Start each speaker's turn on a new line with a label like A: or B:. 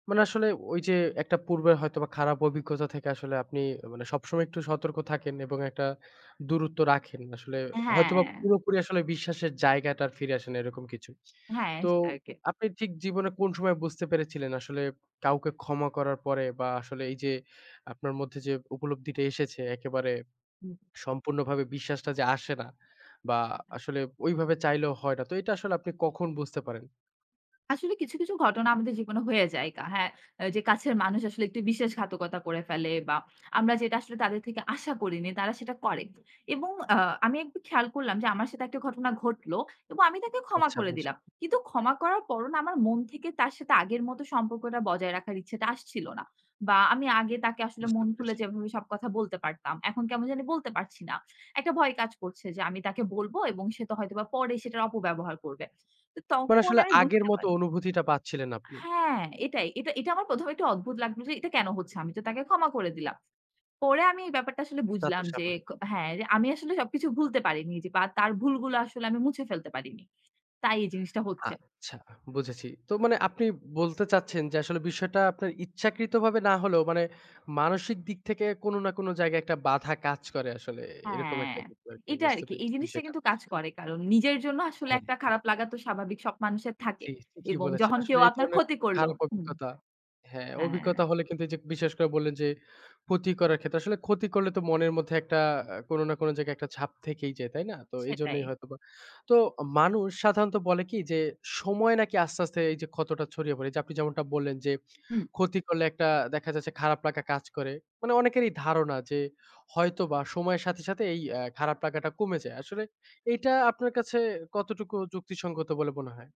A: মানে আসলে ঐ যে একটা পূর্বের হয়তোবা খারাপ অভিজ্ঞতা থেকে আসলে আপনি মানে সবসময় একটু সতর্ক থাকেন। এবং একটা দূরত্ব রাখেন আসলে হয়তোবা
B: হ্যাঁ।
A: পুরোপুরি আসলে বিশ্বাসের জায়গাটা আর ফিরে আসে না এরকম কিছু।
B: হ্যাঁ
A: তো
B: সেটাই আর কি।
A: আপনি ঠিক জীবনে কোন সময় বুঝতে পেরেছিলেন? আসলে কাউকে ক্ষমা করার পরে বা আসলে এই যে আপনার মধ্যে যে উপলব্ধিটা এসেছে একেবারে
B: হু,
A: সম্পূর্ণভাবে বিশ্বাসটা যে আসে না বা আসলে ঐভাবে চাইলেও হয় না তো এটা আসলে আপনি কখন বুঝতে পারেন?
B: আসলে কিছু, কিছু, ঘটনা আমাদের জীবনে হয়ে যায় কা হ্যাঁ যে কাছের মানুষ আসলে একটু বিশ্বাস ঘাতকতা করে ফেলে বা আমরা যেটা আসলে তাদের থেকে আশা করিনি তারা সেটা করে। এবং আ আমি একটু খেয়াল করলাম যে আমার সাথে একটা ঘটনা ঘটল। এবং আমি তাকে ক্ষমা
A: আচ্ছা
B: করে
A: বুঝলাম।
B: দিলাম। কিন্তু ক্ষমা করার পরও না আমার মন থেকে তার সাথে আগের মতো সম্পর্কটা বজায় রাখার ইচ্ছাটা আসছিল না। বা আমি আগে তাকে আসলে
A: বুঝতে
B: মন খুলে
A: পেরেছি।
B: যেভাবে সব কথা বলতে পারতাম। এখন কেমন জানি বলতে পারছি না। একটা ভয় কাজ করছে যে আমি তাকে বলব এবং সে তো হয়তোবা পরে সেটার অপব্যবহার করবে। তো
A: মানে
B: তখন
A: আসলে
B: আমি
A: আগের
B: বুঝতে
A: মতো
B: পারলাম
A: অনুভূতিটা পাচ্ছিলেন আপনি।
B: হ্যাঁ, এটাই। এটা এটা আমার ১ম এ একটু অদ্ভুত লাগলো যে এটা কেন হচ্ছে? আমি তো তাকে ক্ষমা করে দিলাম। পরে আমি এই ব্যাপারটা আসলে
A: তা তো
B: বুঝলাম যে,
A: স্বাভাবিক।
B: হ্যাঁ রে আমি আসলে সবকিছু ভুলতে পারিনি বা তার ভুলগুলো আসলে আমি মুছে ফেলতে পারিনি। তাই এই জিনিসটা হচ্ছে।
A: আচ্ছা বুঝেছি। তো মানে আপনি বলতে চাচ্ছেন যে আসলে বিষয়টা আপনার ইচ্ছাকৃতভাবে না হলেও, মানে মানসিক দিক থেকে কোন না কোন জায়গায় একটা বাঁধা কাজ করে আসলে এরকম
B: হ্যাঁ
A: একটা কিছু আর কি
B: এটা
A: বুঝতে
B: আরকি এই
A: পেরেছি
B: জিনিসটা
A: বিষয়টা।
B: কিন্তু কাজ করে। কারণ নিজের জন্য আসলে একটা
A: হ্যাঁ।
B: খারাপ লাগা তো স্বাভাবিক সব মানুষের থাকে।
A: জি, ঠিকই
B: এবং
A: বলেছেন।
B: যখন কেউ
A: আসলে এই
B: আপনার
A: ধরনের
B: ক্ষতি করল।
A: খারাপ
B: হুম।
A: অভিজ্ঞতা। হ্যাঁ,
B: হ্যাঁ।
A: অভিজ্ঞতা হলে কিন্তু এই যে বিশ্বাস করে বললেন যে, ক্ষতি করার ক্ষেত্রে আসলে ক্ষতি করলে তো মনের মধ্যে একটা আ কোন না কোন জায়গায় একটা ছাপ থেকেই যায়। তাই না? তো
B: সেটাই।
A: এইজন্যই হয়তোবা। তো মানুষ সাধারণত বলে কি যে সময় নাকি আস্তে, আস্তে, এই যে ক্ষতটা ছড়িয়ে পড়ে। যে আপনি যেমনটা বললেন যে
B: হুম।
A: ক্ষতি করলে একটা দেখা যাচ্ছে খারাপ লাগা কাজ করে। মানে অনেকেরই ধারণা যে, হয়তোবা সময়ের সাথে, সাথে এই আ খারাপ লাগাটা কমে যায়। আসলে এইটা আপনার কাছে কতটুকু যুক্তিসঙ্গত বলে মনে হয়?